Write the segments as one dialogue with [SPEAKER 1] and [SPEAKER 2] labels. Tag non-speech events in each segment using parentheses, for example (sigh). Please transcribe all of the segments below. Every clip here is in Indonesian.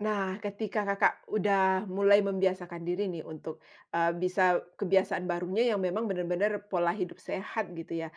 [SPEAKER 1] Nah, ketika Kakak udah mulai membiasakan diri nih untuk, eee, bisa kebiasaan barunya yang memang benar-benar pola hidup sehat gitu ya.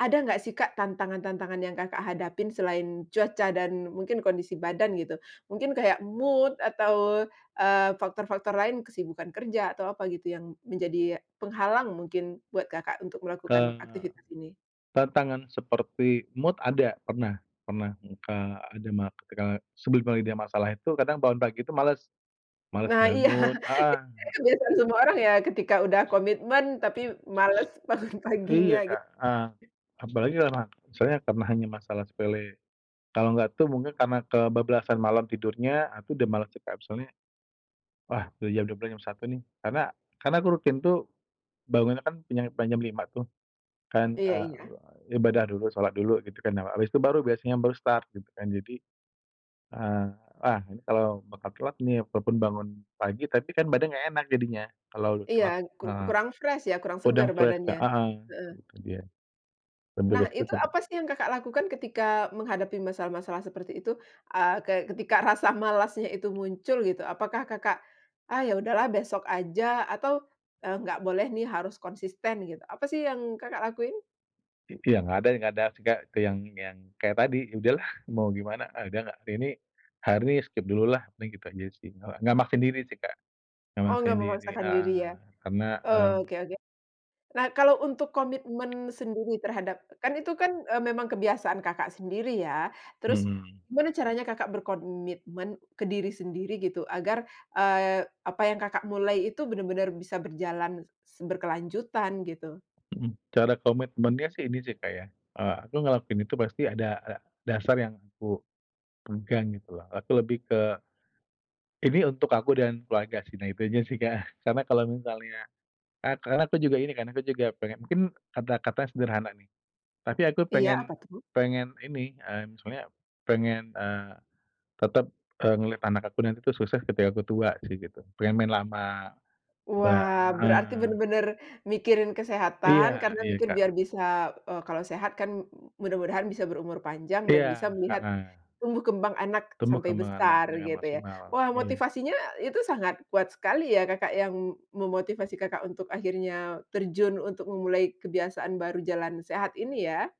[SPEAKER 1] Ada nggak sih Kak tantangan-tantangan yang Kakak hadapin selain cuaca dan mungkin kondisi badan gitu? Mungkin kayak mood atau, eee, faktor-faktor lain, kesibukan kerja atau apa gitu yang menjadi penghalang mungkin buat Kakak untuk melakukan
[SPEAKER 2] Eee,
[SPEAKER 1] aktivitas ini?
[SPEAKER 2] tantangan seperti mood ada, pernah pernah, eng Kak, ada mak e sebel (unintelligible) ide ya masalah itu kadang bangun pagi itu males, males
[SPEAKER 1] Nah iya. Itu
[SPEAKER 2] bangun, heeh
[SPEAKER 1] kayaknya
[SPEAKER 2] heeh.
[SPEAKER 1] kebiasaan semua orang ya, ketika udah komitmen tapi males bangun paginya
[SPEAKER 2] Iya
[SPEAKER 1] git
[SPEAKER 2] Kak, heeh. Apalagi kelama soalnya karena hanya masalah sepele. Kalau nggak tuh mungkin karena kebablasan malam tidurnya, ah, tuh udah malas sih Kak, soalnya, wah udah jam 12.00 jam 1.00 nih. Karena karena aku rutin tuh, bangunnya kan pinjam pan jam 5.00 tuh. Kan,
[SPEAKER 1] Iya iya.
[SPEAKER 2] eee, ibadah dulu, sholat dulu gitu kan, awa habis itu baru biasanya baru start, gitu kan. Jadi, eee, ah, ini kalau makan telat nih, walaupun bangun pagi, tapi kan badan nggak enak jadinya, kalau
[SPEAKER 1] Iya,
[SPEAKER 2] telat,
[SPEAKER 1] kur
[SPEAKER 2] heeh.
[SPEAKER 1] kurang fresh ya, kurang
[SPEAKER 2] Udah
[SPEAKER 1] segar
[SPEAKER 2] fresh
[SPEAKER 1] badannya,
[SPEAKER 2] Kak, heeh,
[SPEAKER 1] heeh.
[SPEAKER 2] itu dia. Lebih ke
[SPEAKER 1] Nah
[SPEAKER 2] situ
[SPEAKER 1] itu
[SPEAKER 2] sih Kak.
[SPEAKER 1] apa sih yang Kakak lakukan ketika menghadapi masalah-masalah seperti itu? Eee, kayak ketika rasa malasnya itu muncul gitu, apakah Kakak, ah, ya udahlah besok aja atau, eee, nggak boleh nih harus konsisten gitu, apa sih yang Kakak lakuin?
[SPEAKER 2] I iya nggak ada i nggak ada, maksudnya ke yang yang kayak tadi, ya udahlah, mau gimana, ah, udah nggak hari ini, hari ini skip dulu lah, paling gitu aja sih, nggak nggak maksain diri sih Kak. Nggak
[SPEAKER 1] Oh, nggak
[SPEAKER 2] maksain diri,
[SPEAKER 1] memaksakan diri ya?
[SPEAKER 2] heeh, karena,
[SPEAKER 1] Oke
[SPEAKER 2] mmm
[SPEAKER 1] oke. Nah, kalau untuk komitmen sendiri terhadap kan itu kan, eee, memang kebiasaan Kakak sendiri ya? Terus
[SPEAKER 2] Mhm.
[SPEAKER 1] gimana caranya Kakak berkomitmen ke diri sendiri gitu agar, eee, apa yang Kakak mulai itu benar-benar bisa berjalan se berkelanjutan gitu?
[SPEAKER 2] Mhm, cara komitmennya sih ini sih Kak ya, eee, aku ngelakuin itu pasti ada ada dasar yang aku, pegang gitu loh. Aku lebih ke, ini untuk aku dan keluarga sih, nah itu aja sih Kak. Karena kalau misalnya, e karena aku juga ini kan, aku juga pengen mungkin kata-katanya sederhana nih. Tapi aku
[SPEAKER 1] Iya, apa
[SPEAKER 2] pengen
[SPEAKER 1] tuh?
[SPEAKER 2] pengen ini, mmm, soalnya, pengen, eee, tetap, eee, ngelihat anak aku nanti tuh sukses ketika aku tua sih gitu, pengen main lama, ba
[SPEAKER 1] Wah berarti
[SPEAKER 2] heeh.
[SPEAKER 1] bener-bener mikirin kesehatan
[SPEAKER 2] Iya
[SPEAKER 1] karena
[SPEAKER 2] iya,
[SPEAKER 1] mikir
[SPEAKER 2] Kak.
[SPEAKER 1] biar bisa eee, kalau sehat kan mudah-mudahan bisa berumur panjang dan bisa
[SPEAKER 2] Iya,
[SPEAKER 1] melihat,
[SPEAKER 2] heeh.
[SPEAKER 1] tumbuh kembang anak
[SPEAKER 2] Tumbuh
[SPEAKER 1] sampai
[SPEAKER 2] kembang anak
[SPEAKER 1] besar
[SPEAKER 2] dengan
[SPEAKER 1] gitu ya.
[SPEAKER 2] maksimal,
[SPEAKER 1] Wah
[SPEAKER 2] iya.
[SPEAKER 1] motivasinya itu sangat kuat sekali ya, Kakak, yang memotivasi Kakak untuk akhirnya terjun untuk memulai kebiasaan baru jalan sehat ini ya?